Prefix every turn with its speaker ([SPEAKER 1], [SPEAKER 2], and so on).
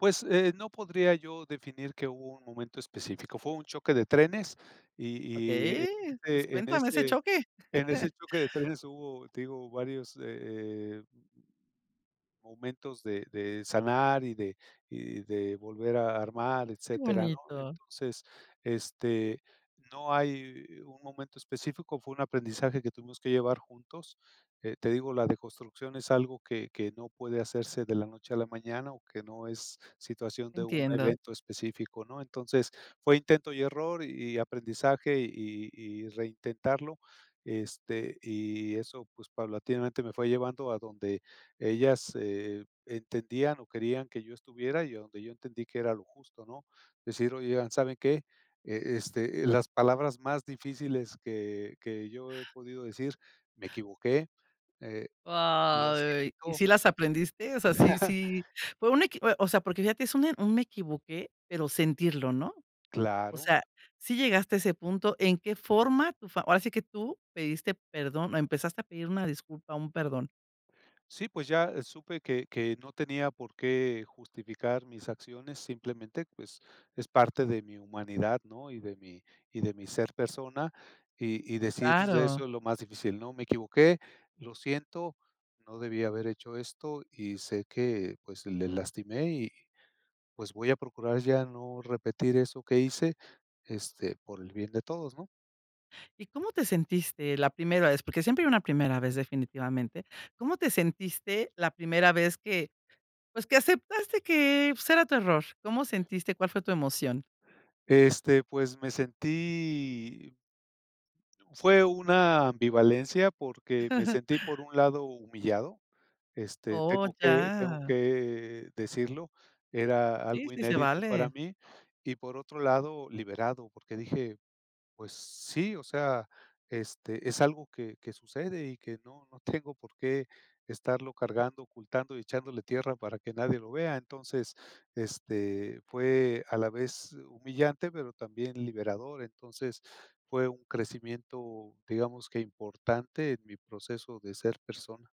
[SPEAKER 1] Pues, eh, no podría yo definir que hubo un momento específico, fue un choque de trenes y y, eh,
[SPEAKER 2] Okey, pues
[SPEAKER 1] en
[SPEAKER 2] cuéntame ese
[SPEAKER 1] ese
[SPEAKER 2] choque.
[SPEAKER 1] en ese choque de trenes hubo, te digo, varios, eh eh momentos de de sanar y de y de volver a armar,
[SPEAKER 2] Que
[SPEAKER 1] etcétera, ¿no?
[SPEAKER 2] bonito.
[SPEAKER 1] Entonces, este, no hay un momento específico, fue un aprendizaje que tuvimos que llevar juntos. Te digo, la deconstrucción es algo que que no puede hacerse de la noche a la mañana o que no es situación de un
[SPEAKER 2] Entiendo.
[SPEAKER 1] evento específico, ¿no? Entonces, fue intento y error y aprendizaje y y reintentarlo, este, y eso, pues paulatinamente me fue llevando a donde ellas, eh, entendían o querían que yo estuviera y a donde yo entendí que era lo justo, ¿no? Decir, oigan, ¿saben qué? Eh, este, las palabras más difíciles que que yo he podido decir: "Me equivoqué, eh, lo
[SPEAKER 2] Ay, ¿y
[SPEAKER 1] siento".
[SPEAKER 2] si las aprendiste? O sea, sí sí, fue una equi o sea, porque fíjate, es un un "me equivoqué", pero sentirlo, ¿no? O
[SPEAKER 1] Claro.
[SPEAKER 2] sea, ¿sí llegaste a ese punto? ¿En qué forma tú? Ahora sí que tú pediste perdón o empezaste a pedir una disculpa, un perdón.
[SPEAKER 1] Sí, pues ya supe que que no tenía por qué justificar mis acciones, simplemente, pues, es parte de mi humanidad, ¿no? Y de mi y de mi ser persona, y y decir de:
[SPEAKER 2] Claro.
[SPEAKER 1] "Eso es lo más difícil, no, me equivoqué, lo siento, no debí haber hecho esto y sé que, pues, le lastimé y, pues, voy a procurar ya no repetir eso que hice, este, por el bien de todos", ¿no?
[SPEAKER 2] ¿Y cómo te sentiste la primera vez? Porque siempre hay una primera vez, definitivamente. ¿Cómo te sentiste la primera vez que, pues, que aceptaste que, pues, era tu error? ¿Cómo sentiste? ¿Cuál fue tu emoción?
[SPEAKER 1] Este, pues me sentí fue una ambivalencia porque me sentí, por un lado, humillado, este,
[SPEAKER 2] Oh,
[SPEAKER 1] tengo que tengo
[SPEAKER 2] ya.
[SPEAKER 1] que decirlo, era
[SPEAKER 2] Sí,
[SPEAKER 1] algo
[SPEAKER 2] sí se
[SPEAKER 1] inédito para
[SPEAKER 2] vale.
[SPEAKER 1] mí y, por otro lado, liberado, porque dije: "Pues sí, o sea, este, es algo que que sucede y que no no tengo por qué estarlo cargando, ocultando y echándole tierra para que nadie lo vea". Entonces, este, fue a la vez humillante, pero también liberador, entonces fue un crecimiento, digamos que importante en mi proceso de ser persona.